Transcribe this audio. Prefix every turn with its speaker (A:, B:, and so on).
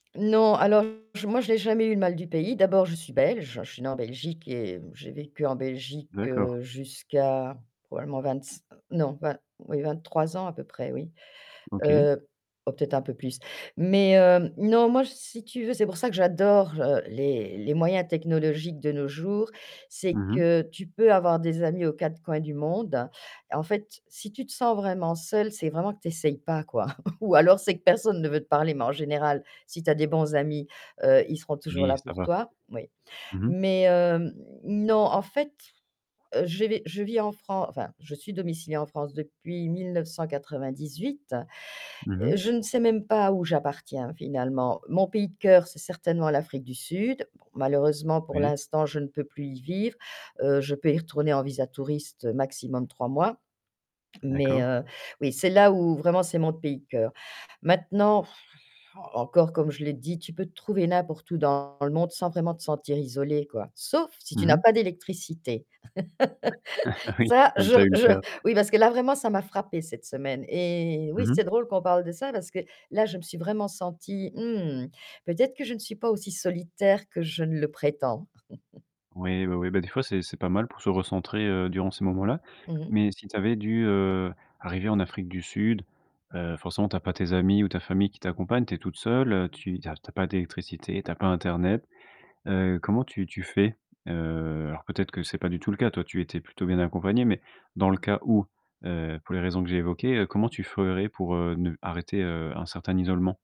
A: Non, alors, j moi, j'ai jamais eu le mal du pays, d'abord, je suis belge, je suis née en Belgique et mmh, j'ai vécu en Belgique,
B: D'accord.
A: heu, jusqu'à probablement vingt-c non, vin oui, 23 ans à peu près, oui,
B: OK.
A: heu, oh peut-être un peu plus, mais heu, non, moi, si tu veux, c'est pour ça que j'adore, heu, les les moyens technologiques de nos jours, c'est
B: Mmh mh.
A: que tu peux avoir des amis aux quatre coins du monde, en fait, si tu te sens vraiment seul, c'est vraiment que tu essayes pas, quoi, ou alors c'est que personne ne veut te parler mais en général, si tu as des bons amis, heu, ils seront toujours
B: Oui,
A: là
B: ça
A: pour
B: va.
A: toi, moui,
B: Mmh mh.
A: mais hem, non, en fait, je vai je vis en Fran enfin, je suis domiciliée en France depuis 1998.
B: Mmh mh.
A: Je ne sais même pas où j'appartiens finalement, mon pays de cœur, c'est certainement l'Afrique du Sud, bon, malheureusement, pour
B: Ouais.
A: l'instant, je ne peux plus y vivre, heu, je peux y retourner en visa touriste, maximum 3 mois mais
B: D'accord.
A: heu, oui, c'est là où, vraiment, c'est mon pays de cœur, maintenant encore comme je l'ai dit, tu peux te trouver n'importe où dans le monde sans vraiment te sentir isolée, quoi, sauf si tu
B: Mmh
A: n'as
B: mh.
A: pas d'électricité.
B: Oui,
A: Ça,
B: comme
A: je
B: tu as eu le
A: je
B: cas.
A: oui, parce que là, vraiment, ça m'a frappé cette semaine, eh oui,
B: Mmh mh.
A: c'est drôle qu'on parle de ça parce que là, je me suis vraiment sentie, mmh, peut-être que je ne suis pas aussi solitaire que je ne le prétends!
B: Oui, oui, oui, bah, des fois, c'est c'est pas mal pour se recentrer, heu, durant ces moments-là,
A: Mmh mh.
B: mais si tu avais dû, heu, arriver en Afrique du Sud, heu, forcément, tu as pas tes amis ou ta famille qui t'accompagne, tu es toute seule, heu, tu tu as tu as pas d'électricité, tu as pas internet, heu, comment tu tu fais, heu, alors peut-être que c'est pas du tout le cas, toi, tu étais plutôt bien accompagnée mais dans le cas où, heu, pour les raisons que j'ai évoquées, comment tu ferais pour, heu, ne arrêter, heu, un certain isolement?